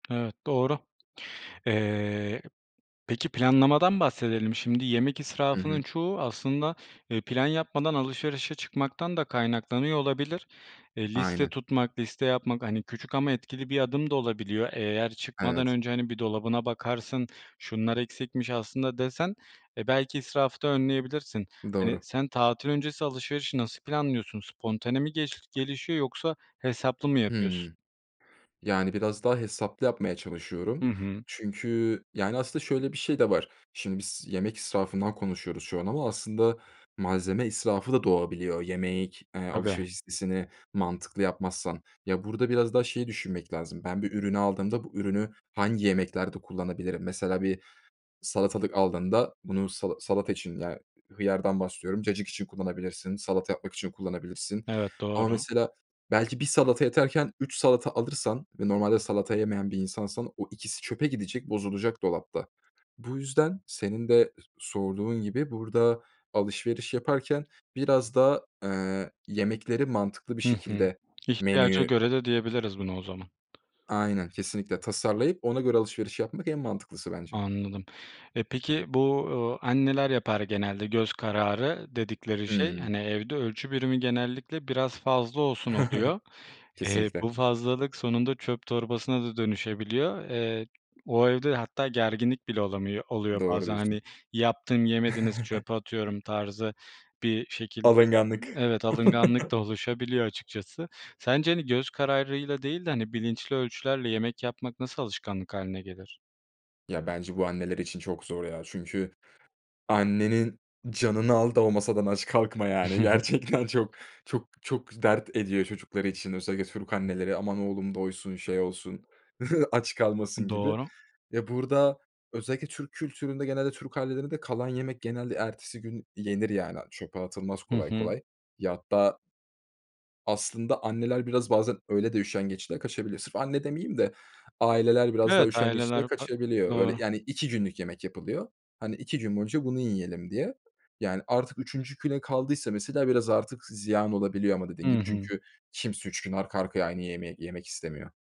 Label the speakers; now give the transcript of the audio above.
Speaker 1: Evet, doğru. Eee, peki planlamadan bahsedelim. Şimdi yemek
Speaker 2: Hı
Speaker 1: israfının
Speaker 2: hı.
Speaker 1: çoğu aslında, eee, plan yapmadan alışverişe çıkmaktan da kaynaklanıyor olabilir. Eee, liste
Speaker 2: Aynen.
Speaker 1: tutmak, liste yapmak, hani, küçük ama etkili bir adım da olabiliyor. Eğer çıkmadan
Speaker 2: Evet.
Speaker 1: önce, hani, bir dolabına bakarsın şunlar eksikmiş aslında desen, eee, belki, israfı da önleyebilirsin. Hani,
Speaker 2: Doğru.
Speaker 1: sen tatil öncesi alışverişi nasıl planlıyorsun? Spontane mi geliş gelişiyor yoksa hesaplı mı yapıyorsun?
Speaker 2: Hımm. Yani, biraz daha hesaplı yapmaya
Speaker 1: Hı
Speaker 2: çalışıyorum
Speaker 1: hı.
Speaker 2: çünkü, yani, aslında şöyle bir şey de var. Şimdi biz yemek israfından konuşuyoruz şu an ama aslında malzeme israfı da doğabiliyor yemek
Speaker 1: Tabii.
Speaker 2: alışveriş listesini mantıklı yapmazsan. Ya, burada biraz daha şeyi düşünmek lazım ben bir ürünü aldığımda bu ürünü hangi yemeklerde kullanabilirim? Mesela bir salatalık aldığında bunu sala salata için, ya, hıyardan bahsediyorum, cacık için kullanabilirsin, salata yapmak için kullanabilirsin
Speaker 1: Evet,
Speaker 2: ama
Speaker 1: doğru.
Speaker 2: mesela belki 1 salata yeterken 3 salata alırsan ve normalde salata yemeyen bir insansan o ikisi çöpe gidecek bozulacak dolapta. Bu yüzden senin de sorduğun gibi burada alışveriş yaparken biraz da, eee, yemekleri mantıklı bir
Speaker 1: Hı hı.
Speaker 2: şekilde
Speaker 1: İhtiyaca
Speaker 2: menüyü
Speaker 1: göre de diyebiliriz bunu o zaman.
Speaker 2: Aynen, kesinlikle, tasarlayıp ona göre alışveriş yapmak en mantıklısı bence.
Speaker 1: Anladım. Eee, peki bu, eee, anneler yapar genelde, göz kararı dedikleri şey,
Speaker 2: Hı.
Speaker 1: hani, evde ölçü birimi genellikle biraz fazla olsun oluyor. Eee,
Speaker 2: Kesinlikle.
Speaker 1: bu fazlalık sonunda çöp torbasına da dönüşebiliyor. Eee, o evde hatta gerginlik bile olamıyor oluyor
Speaker 2: Doğru
Speaker 1: bazen,
Speaker 2: diyorsun.
Speaker 1: hani, yaptım yemediniz çöpe atıyorum tarzı bir şekilde.
Speaker 2: Alınganlık.
Speaker 1: Evet, alınganlık da oluşabiliyor açıkçası. Sence, hani, göz kararıyla değil de, hani, bilinçli ölçülerle yemek yapmak nasıl alışkanlık hâline gelir?
Speaker 2: Ya, bence bu anneler için çok zor, ya, çünkü annenin canını al da o masadan aç kalkma, yani, gerçekten çok, çok, çok dert ediyor çocukları için özellikle Türk anneleri. "Aman oğlum doysun, şey olsun, aç kalmasın." gibi.
Speaker 1: Doğru.
Speaker 2: Ya, burada özellikle Türk kültüründe genelde Türk ailelerinde kalan yemek genelde ertesi gün yenir, yani, çöpe atılmaz
Speaker 1: Hı
Speaker 2: kolay
Speaker 1: hı.
Speaker 2: kolay. Ya, hatta Aslında anneler, biraz, bazen, öyle de, üşengeçliğe kaçabilir. Sırf anne demeyeyim de aileler biraz daha
Speaker 1: Evet,
Speaker 2: üşengeçliğe
Speaker 1: aileler farklı,
Speaker 2: kaçabiliyor. Böyle,
Speaker 1: doğru.
Speaker 2: yani, 2 günlük yemek yapılıyor. Hani, 2 gün boyunca bunu yiyelim diye. Yani, artık 3. güne kaldıysa mesela biraz artık zi ziyan olabiliyor ama dediğin
Speaker 1: Hı
Speaker 2: gibi
Speaker 1: hı.
Speaker 2: çünkü kimse 3 gün arka arkaya aynı yemeği yemek istemiyor.